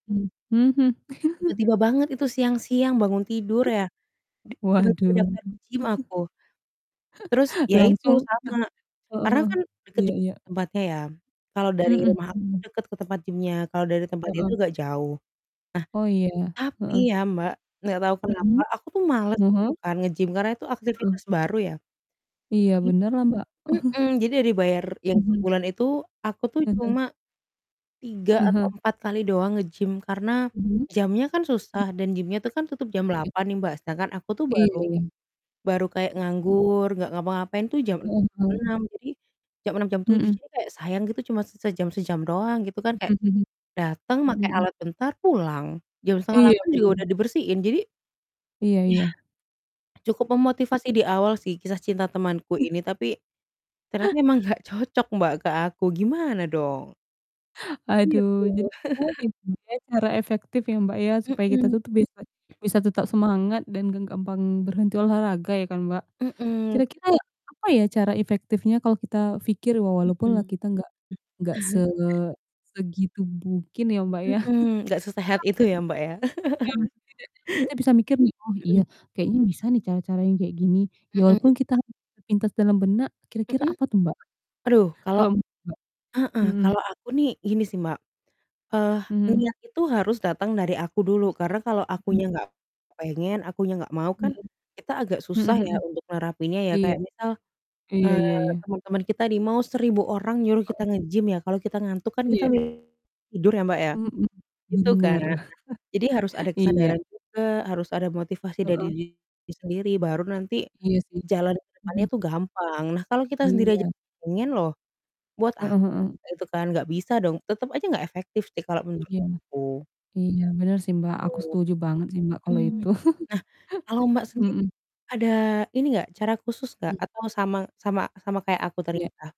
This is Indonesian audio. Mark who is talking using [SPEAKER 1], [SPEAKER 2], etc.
[SPEAKER 1] Hmm, mhm.
[SPEAKER 2] Tiba-tiba banget itu siang-siang bangun tidur ya. Di tiba-tiba
[SPEAKER 1] Waduh,
[SPEAKER 2] daftar gym aku. Terus, ya itu
[SPEAKER 1] Langsung utah
[SPEAKER 2] sama.
[SPEAKER 1] heeh
[SPEAKER 2] Karena
[SPEAKER 1] heeh.
[SPEAKER 2] kan deket
[SPEAKER 1] Iya
[SPEAKER 2] juga
[SPEAKER 1] iya.
[SPEAKER 2] tempatnya, ya. Kalau dari
[SPEAKER 1] Mhm
[SPEAKER 2] rumah aku
[SPEAKER 1] mhm.
[SPEAKER 2] deket ke tempat gim-nya, kalau dari tempat dia
[SPEAKER 1] Heeh.
[SPEAKER 2] itu agak jauh.
[SPEAKER 1] Oh, iya.
[SPEAKER 2] Nah, tapi
[SPEAKER 1] Heeh.
[SPEAKER 2] ya, Mbak, nggak tau kenapa
[SPEAKER 1] Mhm,
[SPEAKER 2] aku tuh males gitu
[SPEAKER 1] heeh.
[SPEAKER 2] kan nge-gym, karena itu
[SPEAKER 1] Mhm.
[SPEAKER 2] aktivitas baru ya.
[SPEAKER 1] Iya,
[SPEAKER 2] Jadi
[SPEAKER 1] bener lah, Mbak.
[SPEAKER 2] mhm, jadi yang dibayar yang
[SPEAKER 1] Mhm.
[SPEAKER 2] sebulan itu, aku tuh
[SPEAKER 1] Heeh.
[SPEAKER 2] cuma 3 atau
[SPEAKER 1] Heeh.
[SPEAKER 2] 4 kali doang nge-gym, karena
[SPEAKER 1] Mhm,
[SPEAKER 2] jamnya kan
[SPEAKER 1] mhm.
[SPEAKER 2] susah dan gymnya tuh kan tutup jam
[SPEAKER 1] Iya.
[SPEAKER 2] 8.00 nih, Mbak, sedangkan aku tuh
[SPEAKER 1] Iya
[SPEAKER 2] baru
[SPEAKER 1] iya.
[SPEAKER 2] baru kayak
[SPEAKER 1] Mhm.
[SPEAKER 2] nganggur, nggak ngapa-ngapain tuh jam
[SPEAKER 1] Heeh heeh.
[SPEAKER 2] 6, jadi, jam 6.00 jam 7.00,
[SPEAKER 1] Mhm.
[SPEAKER 2] jadi kayak sayang gitu cuma se sejam-sejam doang gitu kan, kayak
[SPEAKER 1] Mhm mhm,
[SPEAKER 2] datang, make
[SPEAKER 1] mhm.
[SPEAKER 2] alat bentar, pulang. Jam setengah
[SPEAKER 1] Iya,
[SPEAKER 2] delapan juga
[SPEAKER 1] bener.
[SPEAKER 2] udah dibersihin, jadi,
[SPEAKER 1] Iya iya.
[SPEAKER 2] yah, cukup memotivasi
[SPEAKER 1] Mhm.
[SPEAKER 2] di awal sih kisah cinta temanku ini, tapi, ternyata emang nggak cocok, Mbak, ke aku gimana dong? Iya,
[SPEAKER 1] Aduh,
[SPEAKER 2] FOMO.
[SPEAKER 1] jadi gimana nih, Mbak, ya, cara efektif ya, Mbak, ya supaya kita
[SPEAKER 2] Mhm.
[SPEAKER 1] tuh tuh biasa bisa tetap semangat dan nggak gampang berhenti olahraga ya kan, Mbak?
[SPEAKER 2] Mhm.
[SPEAKER 1] Kira-kira apa ya cara efektifnya kalo kita pikir wa walaupun lah
[SPEAKER 2] Mhm.
[SPEAKER 1] kita nggak nggak se segitu mungkin ya, Mbak, ya?
[SPEAKER 2] Mhm, nggak sesehat itu ya, Mbak,
[SPEAKER 1] [unintelligible]
[SPEAKER 2] ya.
[SPEAKER 1] yang tidak kita bisa mikir nih, "Oh, iya,
[SPEAKER 2] Mhm.
[SPEAKER 1] kayaknya bisa nih cara-cara yang kayak gini." Ya
[SPEAKER 2] Mhm.
[SPEAKER 1] walaupun kita [unintelligible] terpintas dalam benak, kira-kira
[SPEAKER 2] Mhm?
[SPEAKER 1] apa tuh, Mbak,
[SPEAKER 2] Waduh, kalau
[SPEAKER 1] kalo menurut Mbak?
[SPEAKER 2] heeh,
[SPEAKER 1] Mhm.
[SPEAKER 2] kalau aku nih gini sih, Mbak. Eee,
[SPEAKER 1] Mhm.
[SPEAKER 2] niat itu harus datang dari aku dulu, karena kalau
[SPEAKER 1] Mhm
[SPEAKER 2] akunya
[SPEAKER 1] mhm.
[SPEAKER 2] nggak pengen, akunya nggak mau,
[SPEAKER 1] Mhm.
[SPEAKER 2] kan kita agak
[SPEAKER 1] Mhm
[SPEAKER 2] susah ya
[SPEAKER 1] mhm.
[SPEAKER 2] untuk nerapinnya ya,
[SPEAKER 1] Iya.
[SPEAKER 2] kayak misal,
[SPEAKER 1] Iya iya
[SPEAKER 2] eee,
[SPEAKER 1] iya.
[SPEAKER 2] teman-teman kita nih mau 1000 orang nyuruh kita
[SPEAKER 1] Heeh.
[SPEAKER 2] nge-gym ya, kalau kita ngantuk kan kita
[SPEAKER 1] Iya.
[SPEAKER 2] tidur ya, Mbak, ya.
[SPEAKER 1] Mhm.
[SPEAKER 2] Gitu kan, nah,
[SPEAKER 1] Bener.
[SPEAKER 2] jadi harus ada
[SPEAKER 1] Iya.
[SPEAKER 2] kesadaran juga, harus ada motivasi dari
[SPEAKER 1] Heeh.
[SPEAKER 2] diri sendiri, baru nanti
[SPEAKER 1] Iya, sih.
[SPEAKER 2] jalan ke depannya
[SPEAKER 1] Mhm.
[SPEAKER 2] tuh gampang. Nah, kalau kita sendiri aja
[SPEAKER 1] Iya.
[SPEAKER 2] pengen loh buat apa
[SPEAKER 1] Heeh heeh.
[SPEAKER 2] gitu kan. Nggak bisa dong, tetep aja nggak efektif sih kalau menurut
[SPEAKER 1] Iya.
[SPEAKER 2] aku.
[SPEAKER 1] Iya, bener sih, Mbak, aku setuju banget sih, Mbak,
[SPEAKER 2] Gitu,
[SPEAKER 1] kalo
[SPEAKER 2] mhm.
[SPEAKER 1] itu.
[SPEAKER 2] Nah, kalau, Mbak, sendiri
[SPEAKER 1] Mhm.
[SPEAKER 2] ada ini enggak cara khusus nggak
[SPEAKER 1] Hmm.
[SPEAKER 2] atau sama sama sama kayak aku tadi
[SPEAKER 1] Iya.
[SPEAKER 2] ya?